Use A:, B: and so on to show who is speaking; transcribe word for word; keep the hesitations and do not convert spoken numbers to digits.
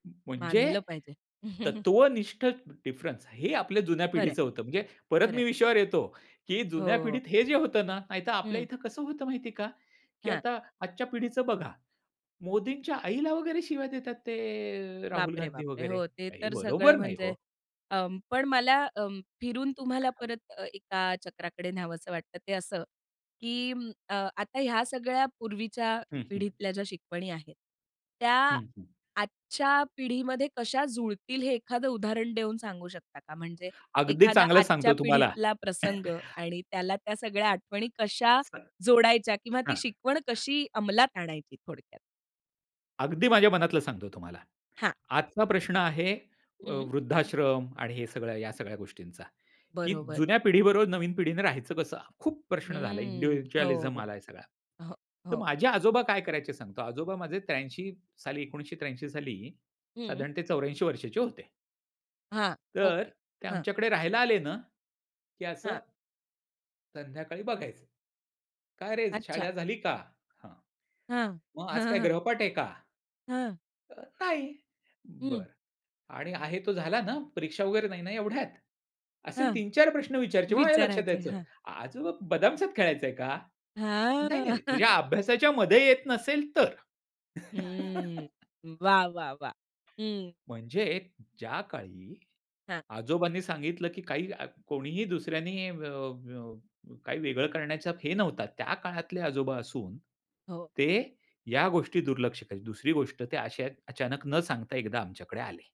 A: अं, म्हणजे
B: मानलं पाहिजे.
A: तत्त्वनिष्ठ डिफरन्स हे ही आपल्या जुन्या
B: खरं आहे.
A: पिढीचं होतं. म्हणजे परत
B: खरं
A: मी
B: आहे.
A: विषयावर येतो, की जुन्या
B: हो.
A: पिढीत हे जे होतं ना नाहीतर आपल्या
B: हं.
A: इथे कसं होतं माहिती आहे का, की
B: हां.
A: आता आजच्या पिढीचं बघा मोदींच्या आईला वगैरे शिव्या देतात ते राहुल
B: बापरे,
A: गांधी
B: बापरे!
A: वगैरे
B: हो ते
A: हे
B: तर
A: बरोबर
B: सगळं
A: नाही
B: म्हणजे
A: हो.
B: अं, पण मला अं, फिरून तुम्हाला
A: हो.
B: परत अ, एका चक्राकडे न्यावंसं वाटतं ते असं, की अ, आता ह्या सगळ्या पूर्वीच्या
A: हं, हं.
B: पिढीतल्या ज्या शिकवणी आहेत. त्या
A: हं, हं.
B: आजच्या पिढीमध्ये कशा जुळतील हे एखादं उदाहरण देऊन सांगू शकता का? म्हणजे
A: अगदी
B: एखादा
A: चांगलं
B: आजच्या
A: सांगतो तुम्हाला.
B: पिढीतला प्रसंग आणि त्याला त्या सगळ्या आठवणी कशा
A: [unintelligible]
B: जोडायच्या किंवा ती
A: हां.
B: शिकवण कशी अंमलात आणायची थोडक्यात?
A: अगदी माझ्या मनातलं सांगतो तुम्हाला.
B: हां.
A: आजचा प्रश्न आहे अ,
B: हं.
A: वृद्धाश्रम आणि हे सगळं या सगळ्या गोष्टींचा, की
B: बरोबर.
A: जुन्या पिढीबरोबर नवीन पिढीने राहायचं कसं. खूप प्रश्न झाले
B: हं, हो,
A: इंडिव्हिज्युअलिझम आला आहे सगळा.
B: हो,
A: तर
B: हो.
A: माझे आजोबा काय करायचे सांगतो. आजोबा माझे त्र्याऐंशी साली एकोणीसशे त्र्याऐंशी साली
B: हं.
A: साधारणतः चौऱ्याऐंशी वर्षांचे होते.
B: हां,
A: तर
B: ओके,
A: ते
B: हां.
A: आमच्याकडे राहायला आले ना, की असं
B: हां.
A: संध्याकाळी बघायचं. "काय रे
B: अच्छा.
A: शाळा झाली का? हां,
B: हां.
A: मग आज काय गृहपाठ आहे का?"
B: हां.
A: अ, नाही
B: हं.
A: बरं आणि आहे तो झाला ना परीक्षा वगैरे नाही ना एवढ्यात. असे
B: हां.
A: तीन चार प्रश्न विचारायचे मग माझ्या लक्षात
B: विचारायचं आहे.
A: यायचं.
B: हां.
A: आजोबा बदामसात खेळायचंय का?
B: हां.
A: नाही, नाही, नाही तुझ्या अभ्यासाच्यामध्ये येत नसेल तर.
B: हम्म, वाह, वाह, वाह! हं.
A: म्हणजे ज्या काळी
B: हां.
A: आजोबांनी सांगितलं, की काही आ, कोणीही दुसऱ्यांनी अ, अ, काही वेगळं करण्याचा हे नव्हता. त्या काळातले आजोबा असून
B: हो.
A: ते या गोष्टी दुर्लक्ष करीत. दुसरी गोष्ट ते असे आहेत अचानक न सांगता एकदा आमच्याकडे आले.